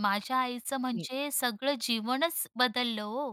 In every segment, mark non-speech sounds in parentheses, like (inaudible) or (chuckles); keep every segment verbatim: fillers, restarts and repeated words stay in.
माझ्या आईचं हं. म्हणजे सगळं जीवनच बदललं ओ,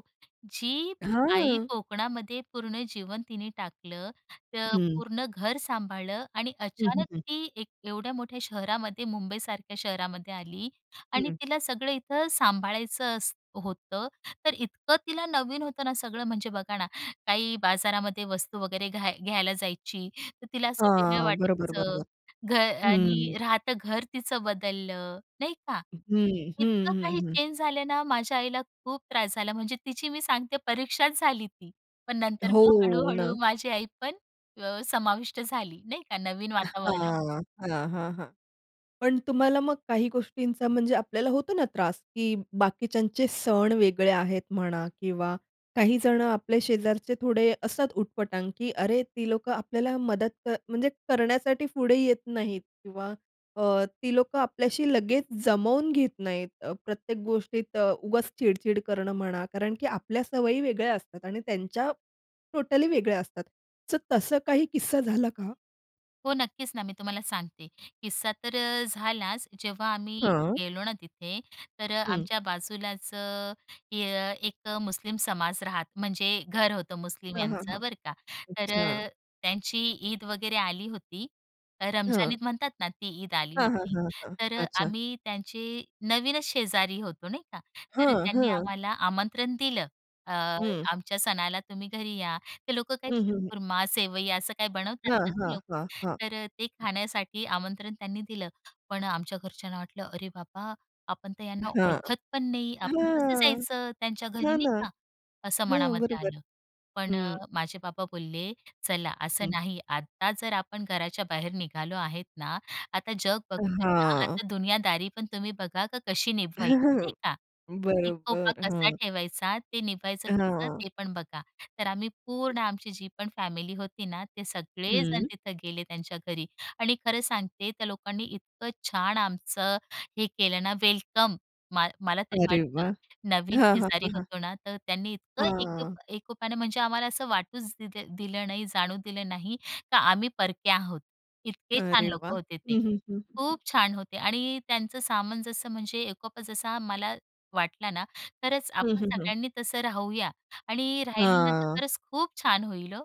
जी आई हां. कोकणामध्ये पूर्ण जीवन तिने टाकलं तर हं. पूर्ण घर सांभाळलं आणि हं, हं, अचानक हं. ती एक एवढ्या मोठ्या शहरामध्ये मुंबईसारख्या शहरामध्ये आली आणि हं. तिला सगळं इथं सांभाळायचं असत होतं तर इतकं तिला नवीन होतं ना सगळं म्हणजे बघा ना काही बाजारामध्ये वस्तू वगैरे घ्या घ्यायला जायची तर तिला असं वेगळं हां. बरोबर, वाटायचं बरोबर. घर हं. आणि राहतं घर तिचं बदललं नाही का हं, हं, इतकं हं, काही हं. चेंज झाले ना माझ्या आईला खूप त्रास झाला म्हणजे तिची मी सांगते परीक्षाच झाली ती पण नंतर मग हो हळूहळू ना. माझी आई पण अ, समाविष्ट झाली नाही का नवीन वातावरणामध्ये. हां, हां, हां, हां. पण तुम्हाला मग काही गोष्टींचा म्हणजे आपल्याला होतो ना त्रास की बाकीच्यांचे सण वेगळे आहेत म्हणा किंवा काही जण आपल्या शेजारचे थोडे असतात उटपटांग की अरे ती लोकं आपल्याला मदत कर, करण्यासाठी पुढे येत नाहीत किंवा अ, ती लोकं आपल्याशी लगेच जमवून घेत नाहीत. अ, प्रत्येक गोष्टीत अ, उगाच चिड-चिड करणं म्हणा कारण, की आपल्या सवयी वेगळ्या असतात आणि त्यांच्या टोटली वेगळ्या असतात. तर तसं काही किस्सा झाला का? हो. नक्कीच ना, मी तुम्हाला सांगते किस्सा तर अ, झालाच जेव्हा आम्ही हां. गेलो ना तिथे तर हं. आमच्या बाजूलाच अ, एक मुस्लिम समाज राहात म्हणजे घर होतं मुस्लिम हां, हां, यांचं हां. बरं का तर अच्छा. अ, त्यांची ईद वगैरे आली होती रमजान हं. ईद म्हणतात ना ती ईद आली हां, हां, होती हां, हां तर अ, अच्छा. आम्ही त्यांचे नवीनच शेजारी होतो नाही का तर हं, त्यांनी हं. आम्हाला आमंत्रण दिलं अ, हं. आमच्या सणाला तुम्ही घरी या ते लोक काय हं, हं, हं. शिरखुरमा सेवई असं काही बनवतात हां, ना ते हां, लोक हां, हां. तर ते खाण्यासाठी आमंत्रण त्यांनी दिलं पण आमच्या घरच्यांना वाटलं "अरे बाबा आपण तर यांना हां, ओळखत पण नाही आपण कसं हां, जायचं त्यांच्या घरी" हां ना, नाहीका असं हां. मनामध्ये बरोबर आलं पण हं. माझे बाबा बोलले "चला असं हं. नाही. आता जर आपण घराच्या बाहेर निघालो आहेत ना आता जग बघतोय ना हां. आता दुनियादारी पण तुम्ही बघा कशी निभवायची." नाही (chuckles) का? एकोपा बरोबर. कसा हां. ठेवायचा ते निघायचं कसं हां. ते पण बघा तर आम्ही पूर्ण आमची जी पण फॅमिली होती ना ते सगळेजण हं. तिथं गेले त्यांच्या घरी आणि खरं सांगते त्या लोकांनी इतकं छान आमचं हे केलं ना वेलकम मा मला तरी अरे वाटतं वाह! नवीन हां, हां, शेजारी हां, हां. होतो ना तर त्यांनी इतकं एक हां. एकोपणे म्हणजे आम्हाला असं वाटूच दिलं दिलं नाही जाणवु दिलं नाही का आम्ही परक्या आहोत. इतके छान अरे वाह! लोकं होते ते हं, हं, हं. खूप छान होते आणि त्यांचं सामान जसं म्हणजे एकोपा जसा मला वाटला ना तरच हं, आपण हं, हं. सगळ्यांनी तसं राहूया आणि राहिलं ना तर हां. खरंच खूप छान होईल हो.